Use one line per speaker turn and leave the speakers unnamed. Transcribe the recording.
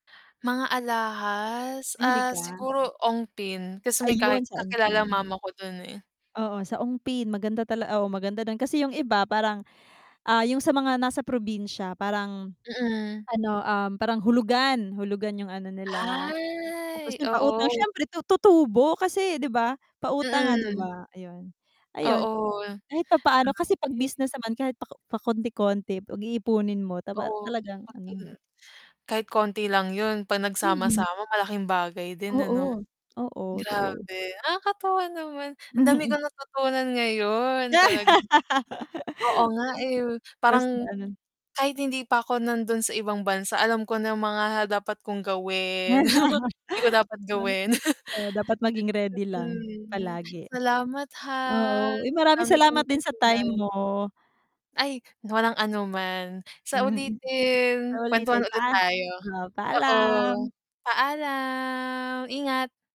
Mga alahas?
Mahilig
Ah,
ka?
siguro Ongpin kasi may ka
Ayun, sa
kakilala
Ongpin.
mama ko dun, eh.
Oo, sa Ongpin. Maganda tala oo, maganda dun, kasi 'yung iba parang, ah, 'yung sa mga nasa probinsya parang
Mm.
ano, um, parang hulugan hulugan 'yung ano nila. Tapos
Ay,
'yung pautang
oo.
siyempre tu tutubo kasi 'di ba pautang nga 'di
Mm.
ba ayun. Ayun,
Oo.
kahit papaano kasi 'pag
Grabe.
business naman kahit pa pakonti-konti 'pag iipunin mo taba
Oo.
talagang ano
[unintelligible] Kahit konti lang 'yun 'pag
Mm.
nagsama-sama malaking bagay din ano?
Oo. Oo, true.
Grabe, nakakatuwa naman ang dami
Mhm.
kong natutunan ngayon talagang oo nga, eh,
[unintelligible] Basta
parang,
ano
kahit hindi pa ako nandun sa ibang bansa alam ko na mga dapat kong gawin, mga hindi ko dapat
Oh.
gawin.
Oo, dapat maging ready lang
Mm.
palagi.
Salamat ha,
Oo, uy
ang
maraming
dami kong
salamat din sa time
natutunan.
mo.
Ay, walang anuman. Sa
Mm. Sa
ulitin, kuwentuhan
uulitin,
ulit
paa
tayo.
oo,
Oo.
paalam.
Paalam! Ingat!